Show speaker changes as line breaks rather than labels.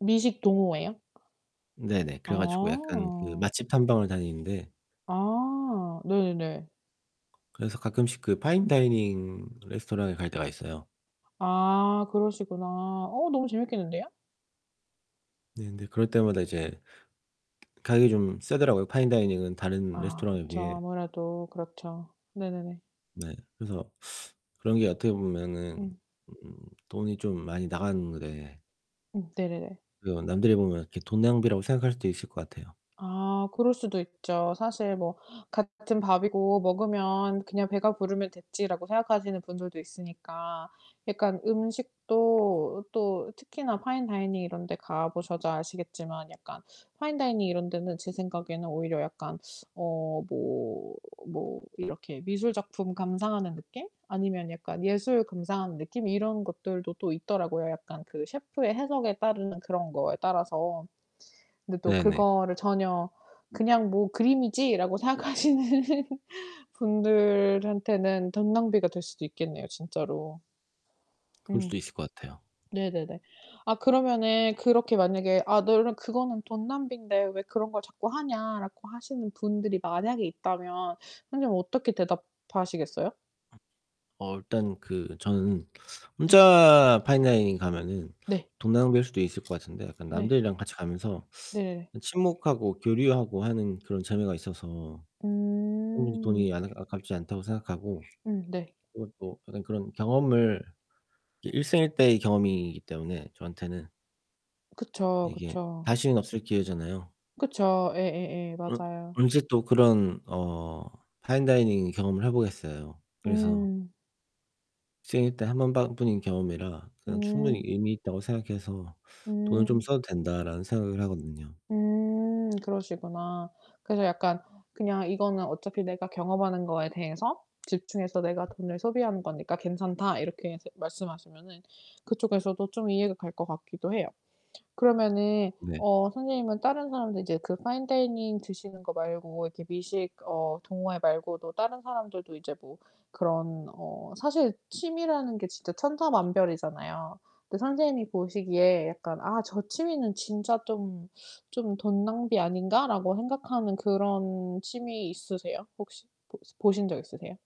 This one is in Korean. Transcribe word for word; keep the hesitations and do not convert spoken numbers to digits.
미식 동호회요?
네네. 그래 가지고 약간 그
아.
맛집 탐방을 다니는데
아. 네네네.
그래서 가끔씩 파인 다이닝 레스토랑에 갈 때가 있어요.
아 그러시구나. 어 너무 재밌겠는데요.
네. 근데 그럴 때마다 이제 가격이 좀 세더라고요 파인 다이닝은 다른
아
레스토랑에
그쵸.
비해.
아무래도 그렇죠. 네네네.
네. 그래서 그런 게 어떻게 보면은
음.
돈이 좀 많이 나가는데
음 네네네.
그 남들이 보면 이렇게 돈 낭비라고 생각할 수도 있을 것 같아요.
아 그럴 수도 있죠. 사실 뭐 '같은 밥이고 먹으면 그냥 배가 부르면 됐지.'라고 생각하시는 분들도 있으니까 약간 음식도 또 특히나 파인 다이닝 이런 데 가보셔서 아시겠지만 약간 파인 다이닝 이런 데는 제 생각에는 오히려 약간 어 뭐, 뭐 이렇게 미술 작품 감상하는 느낌? 아니면 약간 예술 감상하는 느낌? 이런 것들도 또 있더라고요 약간 그 셰프의 해석에 따르는 그런 거에 따라서. 근데 또
네네.
그거를 전혀 '그냥 뭐 그림이지.'라고 생각하시는 분들한테는 돈 낭비가 될 수도 있겠네요 진짜로.
그럴
음.
수도 있을 것 같아요.
네네네. 아 그러면은 그렇게 만약에 "아 너는 그거는 돈 낭비인데 왜 그런 걸 자꾸 하냐?"라고 하시는 분들이 만약에 있다면 선생님은 어떻게 대답하시겠어요?
어 일단 그 저는
네.
혼자 파인 다이닝 가면은
네.
돈 낭비일 수도 있을 것 같은데 약간
네.
남들이랑 같이 가면서
네.
친목하고 교류하고 하는 그런 재미가 있어서 오히려
음.
돈이 안 아 아깝지 않다고 생각하고
음 네.
오 또 어떤 그런 경험을 일생일대의 경험이기 때문에 저한테는
그쵸,
이게
그쵸.
다시는 없을 기회잖아요.
그쵸. 예예예.
어
맞아요.
언제 또 그런 어 파인 다이닝 경험을 해 보겠어요. 그래서
음.
생일 때 한 번반 뿐인 경험이라 그냥 충분히
음.
의미있다고 생각해서 '돈을 좀
음.
써도 된다.'라는 생각을 하거든요.
음 그러시구나. 그래서 약간 "그냥 이거는 어차피 내가 경험하는 거에 대해서 집중해서 내가 돈을 소비하는 거니까 괜찮다." 이렇게 이제 말씀하시면은 그쪽에서도 좀 이해가 갈 것 같기도 해요. 그러면은
네.
어 선생님은 다른 사람들 이제 그 파인 다이닝 드시는 거 말고 이렇게 미식 어 동호회 말고도 다른 사람들도 이제 뭐 그런 어 사실 취미라는 게 진짜 천차만별이잖아요. 근데 선생님이 보시기에 약간 '아 저 취미는 진짜 좀, 좀 돈 낭비 아닌가?'라고 생각하는 그런 취미 있으세요? 혹시 보시 보신 적 있으세요?